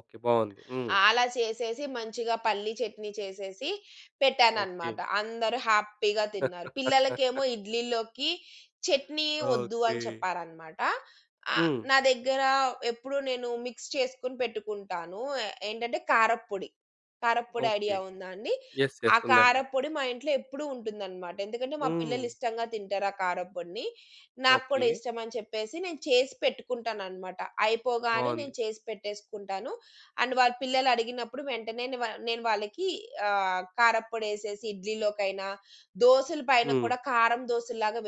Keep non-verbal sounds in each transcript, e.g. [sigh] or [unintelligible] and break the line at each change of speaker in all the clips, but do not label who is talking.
Okay. బాగుంది. హ్మ్.
ఆలా చేసేసి మంచిగా పల్లి చట్నీ చేసేసి పెట్టానన్నమాట.
ఓకే.
అందరూ హ్యాపీగా తిన్నారు.
[laughs]
పిల్లలకేమో ఇడ్లీలోకి చట్నీ వద్దు
ఓకే.
అని చెప్పారన్నమాట. ఆహ్,
హ్మ్.
నా దగ్గర ఎప్పుడు నేను మిక్స్ చేసుకొని పెట్టుకుంటాను. ఆహ్, ఏంటంటే కారప్పొడి. కారప్పొడి ఐడియా
ఓకే.
ఉందా అండి?
యెస్.
ఆ
యెస్. ఉందండి.
కారప్పొడి మా ఇంట్లో ఎప్పుడూ ఉంటుందన్నమాట. ఎందుకంటే మా పిల్లలు
హ్మ్.
ఇష్టంగా తింటారు ఆ కారప్పొడిని. నాకు కూడా
ఓకే.
ఇష్టం అని చెప్పేసి నేను చేసి పెట్టుకుంటానన్నమాట. అయిపోగానే నేను
బావుంది.
చేసి పెట్టేసుకుంటాను. అండ్ వాళ్ళ పిల్లలు అడిగినప్పుడు వెంటనే నేను వా నేను వాళ్ళకి ఆహ్, కారప్పొడేసేసి ఇడ్లీలోకైనా, దోసల పైన
హ్మ్.
కూడా కారం దోసల్లాగా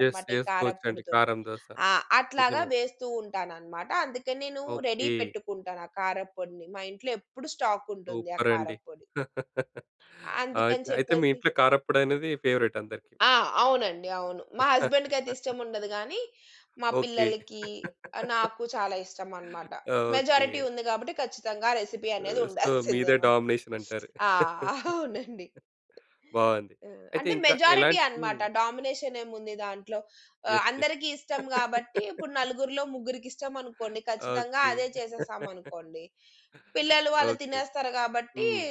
యెస్.
ఈ
చేసుకోవచ్చండి
కారప్పొడితోటి.
కారం దోస.
ఆ! అట్లాగా
నిజమే.
వేస్తూ ఉంటానన్నమాట. అందుకే నేను రెడీ
ఓకే.
పెట్టుకుంటాను ఆ కారప్పొడిని. మా ఇంట్లో ఎప్పుడు స్టాక్ ఉంటుంది ఆ
సూపర్ అండి!
కారప్పొడి.
[laughs] అయి
అందుకని
అయితే మీ
చెప్పేసి
ఇంట్లో కారప్పొడనేది ఫేవరైట్ అందరికి.
ఆ! అవునండి. అవును. మా హస్బెండ్‌కయితే
[laughs]
ఇష్టముండదు కానీ, మా
ఓకే.
పిల్లలకి,
[laughs]
నాకు చాలా ఇష్టం అన్నమాట.
ఓకే.
మెజారిటీ ఉంది కాబట్టి ఖచ్చితంగా రెసిపీ అనేది
సో,
ఉండాల్సిందే
మీదే
[chuckles] మాకు.
డామినేషన్ అంటారు.
ఆ!
[laughs]
[chuckles] అవునండి.
బాగుంది.
హ్మ్. ఆహ్,
అయితే
అంటే
ఇంకా
మెజారిటీ
ఎలాంటి హ్మ్.
అన్నమాట. డామినేషన్ ఏముంది దాంట్లో? ఆహ్,
యెస్. యెస్.
అందరికీ ఇష్టం కాబట్టి ఇప్పుడు
[laughs]
నలుగురిలో ముగ్గురికిష్టమనుకోండి ఖచ్చితంగా
ఓకే.
అదే చేసేసాం అనుకోండి.
[laughs]
పిల్లలు వాళ్ళు
ఓకే.
తినేస్తారు కాబట్టి
హ్మ్.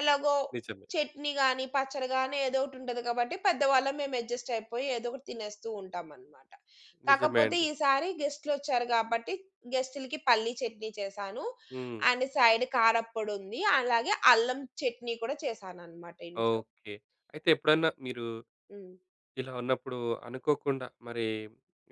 ఎలాగో
నిజమే.
చట్నీ కానీ, పచ్చడి కాని ఏదో ఒకటుంటది కాబట్టి పెద్దవాళ్ళం మేము అడ్జస్ట్ అయిపోయి ఏదో ఒకటి తినేస్తూ ఉంటామన్నమాట.
నిజమే
కాకపోతే
అండి.
ఈసారి గెస్ట్‌లొచ్చారు కాబట్టి గెస్ట్‌లకి పల్లి చట్నీ చేశాను.
హ్మ్.
అండ్ సైడ్ కారప్పొడుంది. అలాగే అల్లం చట్నీ కూడా చేశానన్నమాట ఇంట్లో.
ఓకే. అయితే ఎప్పుడన్నా మీరు
హ్మ్.
ఇలా ఉన్నప్పుడు అనుకోకుండా మరి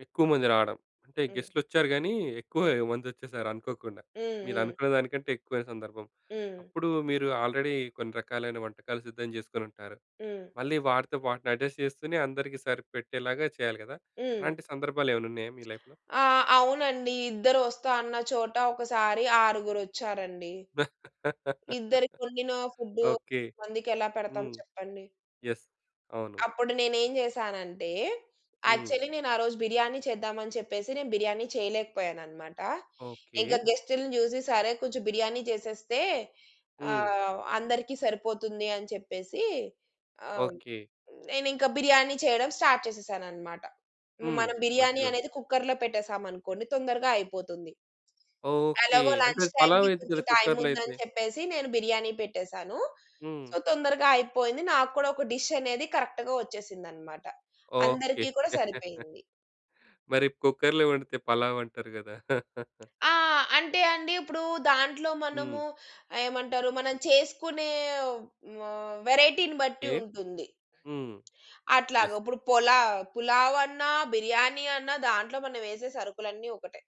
ఎక్కువ మంది రావడం, అంటే
హ్మ్.
గెస్ట్‌లొచ్చారు కానీ ఎక్కువ
హ్మ్.
మంది వచ్చేసారు అనుకోకుండా.
హ్మ్. హ్మ్.
మీరనుకున్న దానికంటే ఎక్కువైన సందర్భం.
హ్మ్.
అప్పుడు మీరు ఆల్‌రెడీ కొన్ని రకాలైన వంటకాలు సిద్ధం చేసుకొని ఉంటారు.
హ్మ్.
మళ్ళీ వాటితోపాటు అడ్జస్ట్ చేస్తూనే అందరికి సరిపెట్టేలాగా చేయాలి కదా!
హ్మ్.
అలాంటి సందర్భాలేమైనా ఉన్నాయా మీ లైఫ్‌లో?
ఆ! అవునండి. ఇద్దరు వస్తా అన్న చోట ఒకసారి ఆరుగురొచ్చారండి. ఇద్దరి కొండిన
[laughs]
ఫుడ్డు
ఓకే.
మందికి ఎలా పెడతాం
హ్మ్.
చెప్పండి?
యెస్. అవును.
అప్పుడు నేనేం చేశానంటే
హ్మ్.
యాక్చువలి నేను ఆ రోజు బిర్యానీ చేద్దాం అని చెప్పేసి నేను బిర్యానీ చేయలేకపోయానన్నమాట. ఇంక
ఓకే.
గెస్ట్‌ని చూసి, సరే, కొంచెం బిర్యానీ చేసేస్తే
హ్మ్.
ఆహ్, అందరికీ సరిపోతుంది అని చెప్పేసి ఆహ్,
ఓకే.
నేనింక బిర్యానీ చేయడం స్టార్ట్ చేసేశానన్నమాట.
హ్మ్.
మనం బిర్యానీ
[unintelligible]
అనేది కుక్కర్‌లో పెట్టేసామనుకోండి తొందరగా అయిపోతుంది.
ఓకే.
ఎలాగో
అంటే
లంచ్
అది
టైమ్‌కి
పలావయిద్ది
కొంచెం
కదా!
టైమ్
కుక్కర్‌లో అయితే?
ఉందని చెప్పేసి నేను బిర్యానీ పెట్టేసాను.
హ్మ్.
సో, తొందరగా అయిపోయింది. నాకు కూడా ఒక డిష్ అనేది కరె‌క్ట్‌గా వచ్చేసిందన్నమాట.
ఓకే.
అందరికీ కూడా
[chuckles]
సరిపోయింది.
మరి కుక్కర్‌లో వండితే పలావ్ అంటారు కదా! [chuckles]
ఆ! అంటే అండి, ఇప్పుడు దాంట్లో
హ్మ్.
మనము ఏమంటారు, మనం చేసుకునే, హ్మ్, వేరైటీని బట్టి
ఓకే.
ఉంటుంది.
హ్మ్.
అట్లాగా
యెస్.
ఇప్పుడు పొలా పులావన్నా, బిర్యాని అన్నా దాంట్లో మనం వేసే సరుకులన్నీ ఒకటే.